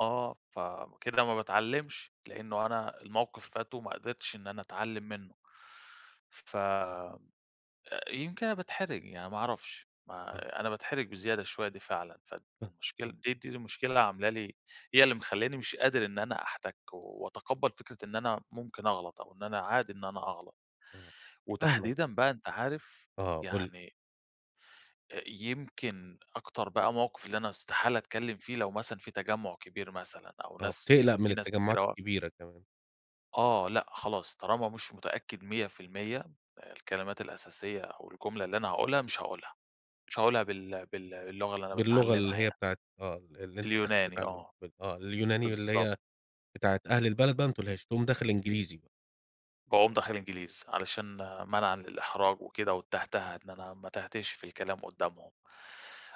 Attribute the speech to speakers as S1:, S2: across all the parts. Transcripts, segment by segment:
S1: آه، فكده ما باتعلمش؛ لإنه أنا الموقف فات وما قدرتش إن أنا أتعلم منّه، ف آآ يمكن أنا باتحرج يعني، ما أعرفش
S2: آه.
S1: ما أنا باتحرج بزيادة شويّة دي فعلًا، فالمشكلة
S2: [unintelligible]
S1: دي دي المشكلة اللي عاملة لي هي اللي مخلياني مش قادر إن أنا أحتك، وأتقبّل فكرة إن أنا ممكن أغلط، أو إن أنا عادي إن أنا أغلط،
S2: آه، فاهمك.
S1: وتحديدًا بقى أنت عارف
S2: آه، قُل لي.
S1: يعني أ يمكن أكتر بقى موقف اللي أنا استحالة أتكلّم فيه لو مثلًا في تجمع كبير مثلًا، أو
S2: آه،
S1: ناس
S2: بتقلق
S1: يعني
S2: من
S1: في ناس
S2: التجمعات
S1: كتيرة و
S2: الكبيرة كمان.
S1: آه لأ خلاص طالما مش متأكّد 100% الكلمات الأساسية أو الجملة اللي أنا هاقولها مش هاقولها، مش هاقولها بال بال باللغة اللي أنا
S2: باللغة
S1: باتعلمها
S2: اللي هي
S1: يعني
S2: بتاعة آه، ال اللي أنت داخل
S1: اليوناني
S2: تتعلم
S1: آه،
S2: م آه، اليوناني اللي
S1: بالضب
S2: هي بتاعة أهل البلد بقى ما تقولهاش، تقوم داخل إنجليزي ب
S1: باقوم داخل إنجليزي، علشان منعًا للإحراج وكده والتهتهة، إن أنا ما اتهتهش في الكلام قدّامهم،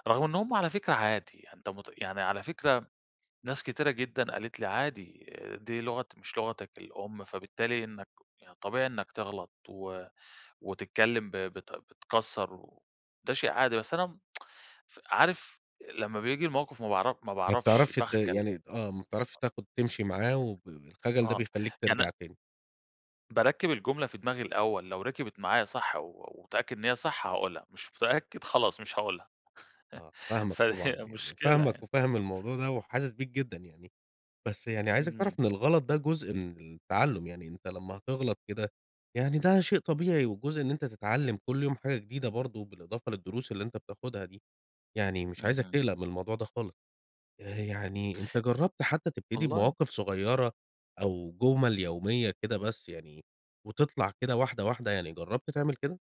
S1: رغم إن هم على فكرة عادي، أنت مت يعني على فكرة، ناس كتيرة جدًا قالت لي عادي، دي لغة مش لغتك الأم فبالتالي إنّك يعني طبيعي إنّك تغلط و وتتكلّم ب بت بتكسر و ده شيء عادي، بس أنا امم ف عارف لمّا بييجي الموقف ما باعرف ما
S2: ما
S1: باعرفش
S2: بتعرفش ت
S1: باخجل.
S2: يعني آه، ما بتعرفش تاخد تمشي معاه وب الخجل ده
S1: آه،
S2: بيخليك
S1: يعني
S2: ترجع تاني.
S1: باركِّب الجملة في دماغي الأوّل، لو ركبت معايا صح و واتأكد إن هي صح هاقولها، مش متأكّد خلاص مش هاقولها،
S2: آه، فاهمك
S1: فهي
S2: طبعًا، يعني
S1: مشكلة
S2: فاهمك
S1: يعني.
S2: وفاهم الموضوع ده وحاسس بيك جدًا يعني، بس يعني عايزك تعرف
S1: امم.
S2: إن الغلط ده جزء من التعلّم، يعني أنت لمّا هتغلط كده يعني ده شيء طبيعي، وجزء إن أنت تتعلّم كل يوم حاجة جديدة برضو بالإضافة للدروس اللي أنت بتاخدها دي، يعني مش عايزك
S1: اهم.
S2: تقلق من الموضوع ده خالص. آآ يعني أنت جرّبت حتّى تبتدي
S1: والله
S2: بمواقف صغيّرة أو جُمَل يوميّة كده بس يعني، وتطلَع كده واحدة واحدة، يعني جرّبت تعمل كده؟